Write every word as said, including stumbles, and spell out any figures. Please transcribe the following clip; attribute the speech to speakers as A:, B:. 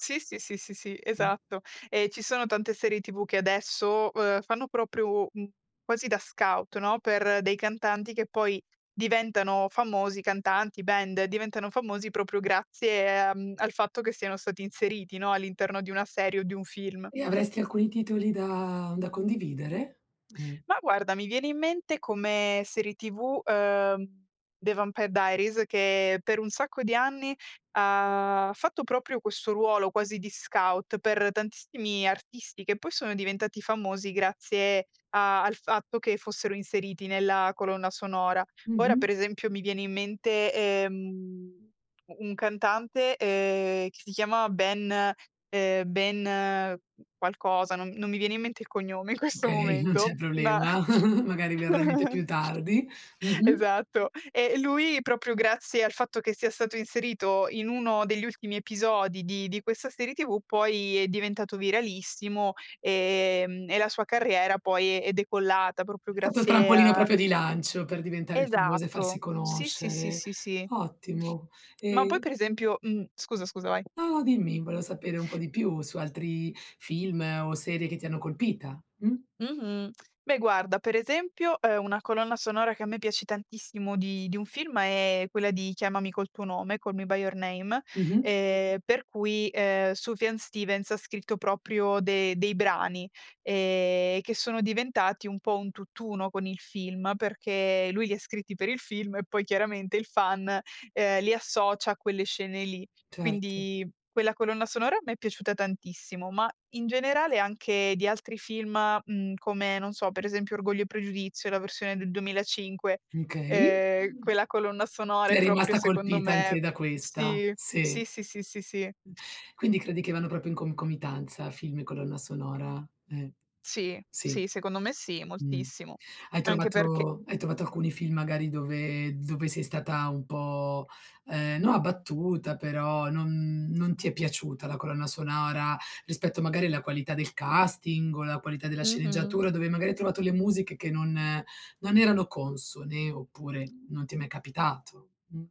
A: Sì, sì, sì, sì, sì,
B: Mh.
A: esatto. E ci sono tante serie TV che adesso, uhm, fanno proprio, mhmm, quasi da scout, no, per dei cantanti che poi diventano famosi cantanti, band diventano famosi proprio grazie, uhm, al fatto che siano stati inseriti, no, all'interno di una serie o di un film.
B: E avresti alcuni titoli da da condividere? Ehm.
A: Ma guarda, mi viene in mente come serie TV, uhm, The Vampire Diaries che per un sacco di anni ha fatto proprio questo ruolo, quasi di scout per tantissimi artisti che poi sono diventati famosi grazie a al fatto che fossero inseriti nella colonna sonora. Ora
B: Mh-mh.
A: per esempio, mi viene in mente, ehm, un cantante, ehm, che si chiamava Ben ehm, Ben, qualcosa, non non mi viene in mente il cognome in questo
B: Okay, non c'è
A: momento, ma
B: problema. Magari verrà in mente più tardi. Mh-mh.
A: esatto. Eh, e lui proprio grazie grazie al fatto che sia stato inserito, in uno degli ultimi episodi di di questa serie TV poi, è diventato viralissimo, ehm, e la sua carriera poi è decollata propro
B: È stato il
A: grazie
B: trampolino
A: a
B: proprio di lancio per diventare il famoso e farsi
A: Esatto, sì, sì, sì,
B: conoscere.
A: sì, sì.
B: Ottimo,
A: Ma poi
B: ehm
A: per esempio mhmm, scusa, scusa vai.
B: No, no dimmi volevo sapere un po' di più su altri film o serie che ti hanno colpita mh?
A: Mh-mh. Beh guarda, per esempio, uhm, una colonna sonora che a me piace tantissimo di di un film è quella di Chiamami col tuo nome, "Call me by your name",
B: Mh-mh.
A: ehm per cui, ehm, Sufjan Stevens scritto proprio de dei brani, ehm, che sono diventati un po' un tutt'uno con il film, perché lui li ha scritti per il film e poi chiaramente il fan, ehm, li associa a quelle scene lì.
B: Certo.
A: Quindi, quella colonna sonora mi è piaciuta tantissimo, ma in generale anche di altri film, mhmm, come, non so, per esempio Orgoglio e Pregiudizio, la versione del duemilacinque,
B: Okay.
A: ehm, quella colonna sonora è
B: Sei
A: proprio
B: rimasta
A: secondo
B: colpita anche
A: me
B: da questa?
A: sì,
B: Sì.
A: sì, sì, sì, sì, sì.
B: Quindi credi che vanno proprio in concomitanza film e colonna sonora? Eh.
A: Sì,
B: Sì
A: sì secondo me sì,
B: mh.
A: moltissimo.
B: Hai
A: Anche perch
B: trovato hai trovato alcuni film magari dove dove sei stata un po', ehm, no abbattuta però non non ti è piaciuta la colonna sonora, rispetto magari alla qualità del casting o la qualità della
A: Mh-mh.
B: sceneggiatura dove magari hai trovato le musiche che non non erano consone oppure non ti è mai capitato? Mh.